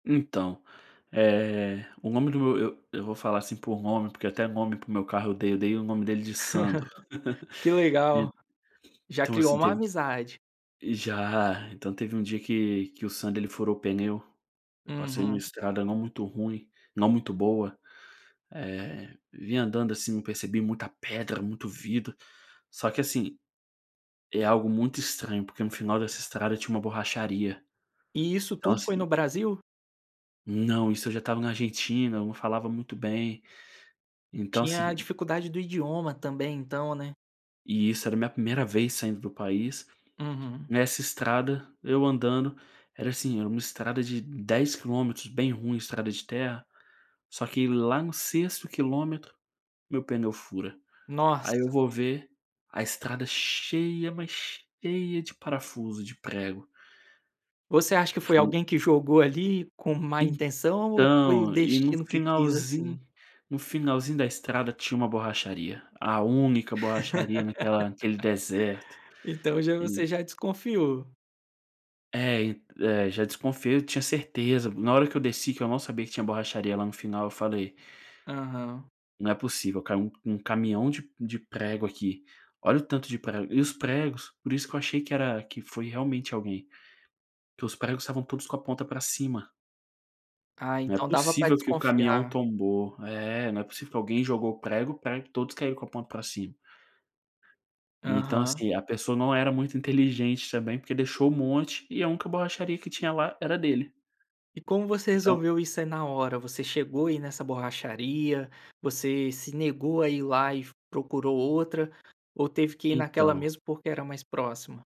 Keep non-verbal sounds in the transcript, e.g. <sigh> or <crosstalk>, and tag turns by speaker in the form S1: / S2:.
S1: Então, eh, o nome do meu eu eu vou falar, assim, por nome porque até nome para o meu carro eu dei, eu dei o nome dele de Sandro.
S2: Que
S1: <laughs>
S2: legal, já
S1: Então
S2: criou
S1: assim
S2: uma
S1: teve,
S2: amizade.
S1: ih, já, então teve um dia que que o Sandro ele furou o pneu, eu passei em uma
S2: Uhum.
S1: estrada não muito ruim, não muito boa, eh, vinha andando, assim, percebi muita pedra, muito vidro, só que, assim, é algo muito estranho, porque no final dessa estrada tinha uma borracharia,
S2: E isso
S1: então,
S2: tudo foi
S1: assim
S2: no Brasil?
S1: Não, isso eu já estava na Argentina, eu não falava muito bem, então,
S2: Tinha a
S1: assim
S2: dificuldade do idioma também então, né.
S1: E isso era minha primeira vez saindo do país,
S2: Uhum.
S1: nessa estrada, eu andando, era assim era uma estrada de 10 quilômetros, bem ruim, estrada de terra, só que lá no 6º quilômetro, meu pneu fura, aí eu
S2: Nossa.
S1: vou ver, a estrada cheia, mas cheia, de parafuso, de prego.
S2: Você acha que foi
S1: Fui.
S2: alguém que jogou ali com má intenção ou foi o
S1: Então, e no
S2: destino que quis
S1: finalzinho
S2: assim?
S1: no finalzinho da estrada tinha uma borracharia, a única borracharia naquela naquele deserto.
S2: <laughs> Então já
S1: E
S2: você já desconfiou.
S1: É e é já desconfiei, eu tinha certeza, na hora que eu desci que eu não sabia que tinha borracharia lá no final, eu falei:
S2: Aham.
S1: "Não é possível, caiu um um caminhão de de prego aqui, olha o tanto de prego.", e os pregos por isso que eu achei que era, que foi realmente alguém, que os pregos estavam todos com a ponta para cima.
S2: Ah,
S1: Não é
S2: então dava pra
S1: possível que o caminhão
S2: desconfiar.
S1: tombou, é, não é possível que alguém jogou prego, prego todos caíram com a ponta para cima. E então,
S2: Aham.
S1: assim, a pessoa não era muito inteligente, também, porque deixou um monte e a única borracharia que tinha lá era dele.
S2: E como você
S1: Então
S2: resolveu isso aí na hora, você chegou aí nessa borracharia, você se negou a ir lá e procurou outra, ou teve que ir naquela
S1: Então.
S2: mesmo porque era mais próxima?